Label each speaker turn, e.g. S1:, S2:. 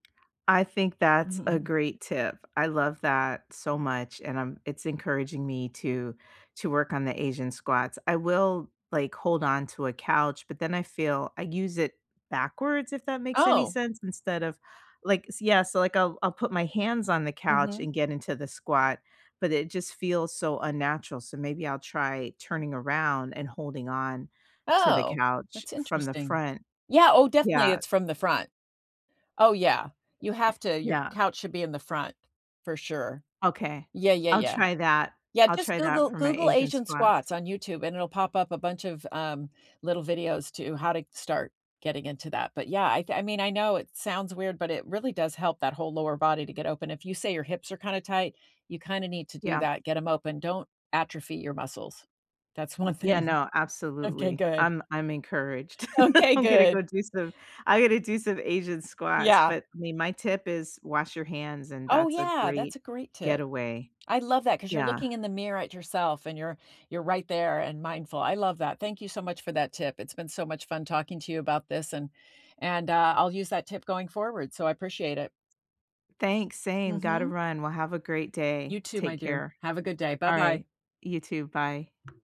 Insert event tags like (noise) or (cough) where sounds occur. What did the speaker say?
S1: I think that's a
S2: (chuckles)
S1: great tip. I love that so much, and I'm it's encouraging me to to work on the asian squats, I will like, hold on to a couch, but then I feel, I use it backwards, if that makes any
S2: Oh.
S1: sense, instead of like, s yeah, so like I'll I'll put my hands on the couch
S2: Mhm.
S1: and get into the squat, but it just feels so unnatural, so maybe I'll try turning around and holding on, to the
S2: Oh,
S1: couch
S2: that's
S1: from the
S2: interesting.
S1: front.
S2: Yeah, oh, definitely,
S1: Yeah.
S2: it's from the front. Oh yeah, you have to, your
S1: Yeah.
S2: couch should be in the front, for sure.
S1: Okay,
S2: Yeah, yeah,
S1: I'll
S2: yeah.
S1: try that,
S2: Yeah,
S1: I'll
S2: just
S1: try that
S2: Google
S1: for my
S2: Google
S1: asian
S2: asian
S1: squats.
S2: squats on YouTube and it'll pop up a bunch of, um, little videos to how to start getting into that, but yeah, I I mean, I know it sounds weird, but it really does help that whole lower body to get open, if you say your hips are kinda tight, you kinda need to do
S1: Yeah.
S2: that, get 'em open, don't atrophy your muscles. That's one
S1: Yeah,
S2: thing.
S1: no,
S2: Okay,
S1: absolutely.
S2: good.
S1: I'm I'm encouraged. (laughs)
S2: Okay,
S1: I'm gonna go
S2: good.
S1: do some, I gotta do some asian squats,
S2: Yeah.
S1: but I mean, my tip is wash your hands, and
S2: Oh
S1: that's a
S2: yeah,
S1: great
S2: that's a great tip.
S1: getaway.
S2: I love that 'cause you're
S1: Yeah.
S2: looking in the mirror at yourself and you're you're right there and mindful, I love that, thank you so much for that tip. It's been so much fun talking to you about this and and, uh, I'll use that tip going forward, so I appreciate it.
S1: Thanks, same, gotta
S2: Mhm.
S1: run, well, have a great day,
S2: You too, my
S1: take
S2: dear.
S1: care.
S2: Have a good day. Bye-bye.
S1: Alright, you too, bye.